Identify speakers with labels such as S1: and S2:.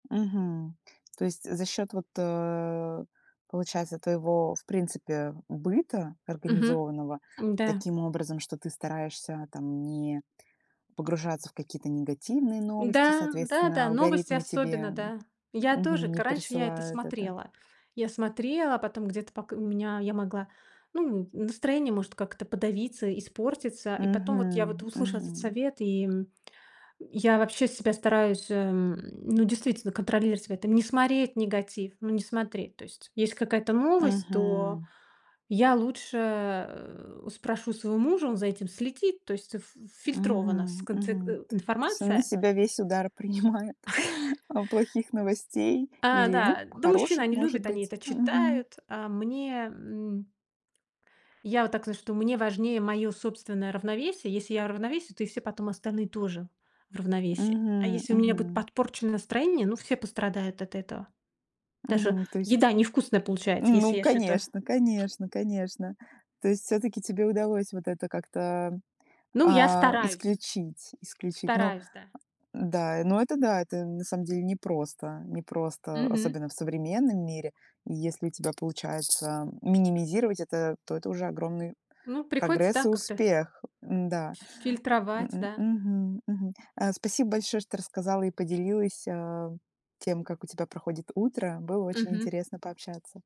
S1: Мгм. То есть за счёт вот, э, получается, твоего, в принципе, быта,
S2: Мгм,
S1: организованного
S2: м-да.
S1: таким образом, что ты стараешься там не погружаться в какие-то негативные новости,
S2: М-да,
S1: соответственно,
S2: да-да, новости
S1: алгоритмы
S2: особенно,
S1: тебе,
S2: да. Я тоже,
S1: мгм,
S2: к
S1: не
S2: раньше я это
S1: присылают это.
S2: смотрела. Я смотрела, потом где-то пок у меня я могла, ну, настроение может как-то подавиться, испортиться. И потом вот я вот
S1: Мгм,
S2: услышала этот
S1: мгм.
S2: совет, и, м, я вообще себя стараюсь, э, ну, действительно контролировать в этом, не смотреть негатив, ну, не смотреть. То есть есть какая-то новость, то
S1: Мгм.
S2: я лучше, э, спрошу своего мужа, он за этим следит, то есть ф ф фильтрована
S1: Мгм,
S2: сконце
S1: мгм,
S2: э,
S1: то есть он на
S2: информация.
S1: себя весь удар принимает, а плохих новостей
S2: А,
S1: или, ну,
S2: да. Да, мужчины,
S1: хороших,
S2: они
S1: может
S2: любят, они
S1: быть.
S2: это
S1: Мгм.
S2: читают, а мне, м Я вот так знаю, что мне важнее моё собственное равновесие. Если я в равновесии, то и все потом остальные тоже в равновесии. А
S1: Мгм,
S2: если у меня будет
S1: мгм.
S2: подпорчено настроение, ну, все пострадают от этого. Даже
S1: Мгм, то есть.
S2: еда невкусная получается, если
S1: Ну
S2: я что-то
S1: конечно, конечно, конечно, то есть всё-таки тебе удалось вот это как-то,
S2: Ну, я
S1: а,
S2: стараюсь.
S1: исключить исключить. Ну,
S2: Стараюсь, да.
S1: а, да, но это, да, это на самом деле непросто непросто,
S2: Мгм.
S1: особенно в современном мире. И если у тебя получается минимизировать это, то это уже огромный
S2: Ну, приходится,
S1: прогресс
S2: да,
S1: и
S2: как-то.
S1: успех. М-да. М,
S2: Фильтровать,
S1: м,
S2: да.
S1: мгм, мгм. А, спасибо большое, что рассказала и поделилась, а, тем, как у тебя проходит утро. Было очень
S2: Мгм.
S1: интересно пообщаться.